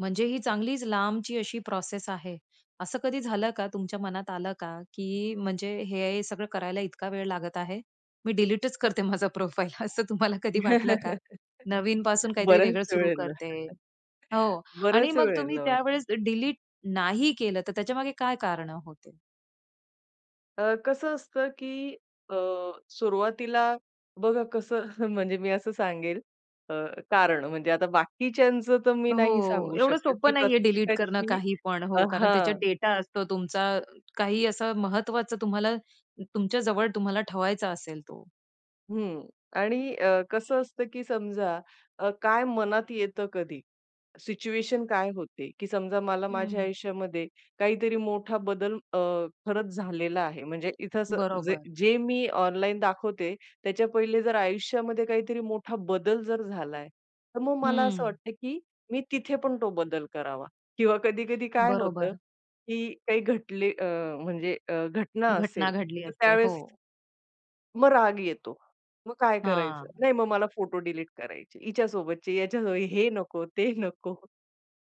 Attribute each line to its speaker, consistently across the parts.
Speaker 1: म्हणजे ही चांगलीच लांबची अशी प्रोसेस आहे. असं कधी झालं का, तुमच्या मनात आलं का, की म्हणजे हे सगळं करायला इतका वेळ लागत आहे? मी डिलीटच करते माझा प्रोफाइल असं तुम्हाला कधी वाटलं का? नवीनपासून काहीतरी
Speaker 2: बऱ्याच
Speaker 1: वेगळं सुरू
Speaker 2: वेळेला
Speaker 1: करते. हो. आणि
Speaker 2: बराच
Speaker 1: मग तुम्ही
Speaker 2: वेळेला वाटतं.
Speaker 1: त्यावेळेस डिलीट नाही केलं, तर त्याच्यामागे काय कारणं होती?
Speaker 2: अ, कसं असतं, की अ, सुरुवातीला बघा कसं म्हणजे मी असं सांगेल, अ, कारण म्हणजे आता बाकीच्यांचं तर मी नाही
Speaker 1: हो,
Speaker 2: सांगू
Speaker 1: एवढं
Speaker 2: शकत,
Speaker 1: सोपं
Speaker 2: की
Speaker 1: नाहीये डिलीट करणं
Speaker 2: प्रत्येकाची
Speaker 1: काहीपण.
Speaker 2: अ,
Speaker 1: हो, कारण त्याच्यात
Speaker 2: हां.
Speaker 1: डेटा असतो तुमचा. काही असं महत्त्वाचं, तुम्हाला तुमच्या जवळ, तुम्हाला ठेवायचं असेल तो.
Speaker 2: हं. आणि अ, कसं असतं, की समजा अ, काय मनात येतं कधी, सिच्युएशन काय होते, की समजा मला माझ्या
Speaker 1: हं.
Speaker 2: आयुष्यामध्ये काहीतरी मोठा बदल, अ, खरंच झालेला आहे. म्हणजे इथे असं जे
Speaker 1: बरोबर.
Speaker 2: जे मी ऑनलाईन दाखवते, त्याच्या पहिले जर आयुष्यामध्ये काहीतरी मोठा बदल जर झालाय, तर मग मला असं
Speaker 1: हं.
Speaker 2: वाटतं, की मी तिथे पण तो बदल करावा किंवा कधी-कधी काय होतं,
Speaker 1: बरोबर.
Speaker 2: की काही घटले अ, म्हणजे अ, घटना
Speaker 1: घटना
Speaker 2: असेल,
Speaker 1: घडली
Speaker 2: तर
Speaker 1: असते.
Speaker 2: त्यावेळेस
Speaker 1: हो.
Speaker 2: मग राग येतो. मग काय करायचं?
Speaker 1: हां.
Speaker 2: नाही, मग मला फोटो डिलीट करायचे हिच्यासोबतचे, याच्या हे नको, ते नको.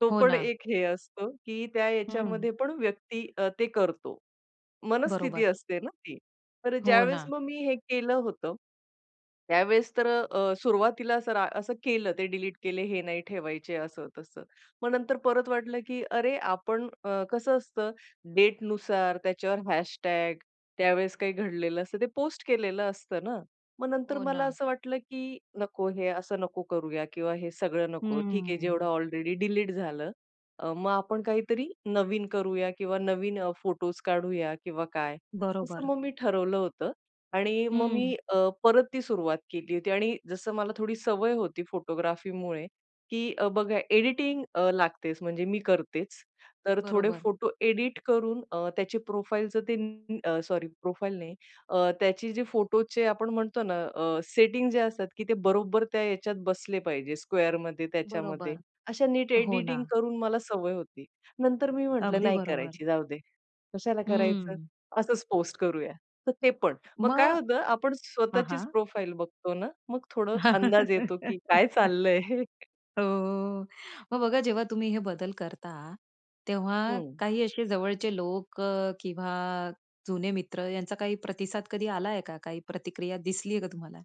Speaker 2: तो
Speaker 1: हो
Speaker 2: पण
Speaker 1: ना.
Speaker 2: एक हे असतो, की त्या
Speaker 1: हं.
Speaker 2: याच्यामध्ये पण व्यक्ती, अ, ते करतो. मनस्थिती
Speaker 1: बरोबर.
Speaker 2: असते ना ती, तर
Speaker 1: हो
Speaker 2: ज्यावेळेस
Speaker 1: ना.
Speaker 2: मग मी हे केलं होतं, त्यावेळेस तर अ, सुरुवातीला असं रा असं केलं, ते डिलीट केले, हे नाही ठेवायचे, असं तसं. मग नंतर परत वाटलं, की अरे आपण, अ, कसं असतं, डेटनुसार त्याच्यावर हॅशटॅग त्यावेळेस काही घडलेलं असतं, ते पोस्ट केलेलं असतं ना. मग नंतर
Speaker 1: हो
Speaker 2: मला
Speaker 1: ना.
Speaker 2: असं वाटलं, की नको हे असं नको करूया किंवा हे सगळं नको. ठीक आहे,
Speaker 1: हम्म.
Speaker 2: जेवढं ऑलरेडी डिलीट झालं. अ, मग आपण काहीतरी नवीन करूया किंवा नवीन फोटोज काढूया किंवा काय. असं
Speaker 1: बरोबर.
Speaker 2: मग मी ठरवलं होतं. आणि मग
Speaker 1: हं.
Speaker 2: मी, अ, परत ती सुरुवात केली होती आणि जसं मला थोडी सवय होती फोटोग्राफीमुळे, की बघा एडिटिंग, अ, लागतेच म्हणजे मी करतेच. तर थोडे
Speaker 1: बरोबर.
Speaker 2: फोटो एडिट करून, अ, त्याची प्रोफाइल जर ते, अ, सॉरी प्रोफाइल नाही. अ, त्याची जी फोटोचे आपण म्हणतो ना, अ, सेटिंग जे असतात, की ते बरोबर त्या ह्याच्यात बसले पाहिजे, स्क्वेअरमध्ये, त्याच्यामध्ये
Speaker 1: बरोबर.
Speaker 2: अशा नीट
Speaker 1: हो ना.
Speaker 2: एडिटिंग करून, मला सवय होती. नंतर मी म्हटलं,
Speaker 1: अगदी
Speaker 2: "नाही
Speaker 1: बरोबर.
Speaker 2: करायची, जाऊदे कशाला करायचं,
Speaker 1: हं.
Speaker 2: असंच पोस्ट करूया." तर ते पण मग
Speaker 1: मग
Speaker 2: काय होतं, आपण
Speaker 1: हां,
Speaker 2: स्वतःचीच
Speaker 1: हां.
Speaker 2: प्रोफाइल बघतो ना, मग थोडं अंदाज येतो, की काय चाललंय हे.
Speaker 1: हो, हो, अ, मग बघा, जेव्हा तुम्ही हे बदल करता, तेव्हा
Speaker 2: हं.
Speaker 1: काही असे जवळचे लोक, अ, किंवा जुने मित्र यांचा काही प्रतिसाद कधी आलाय का, काही प्रतिक्रिया दिसली आहे का तुम्हाला?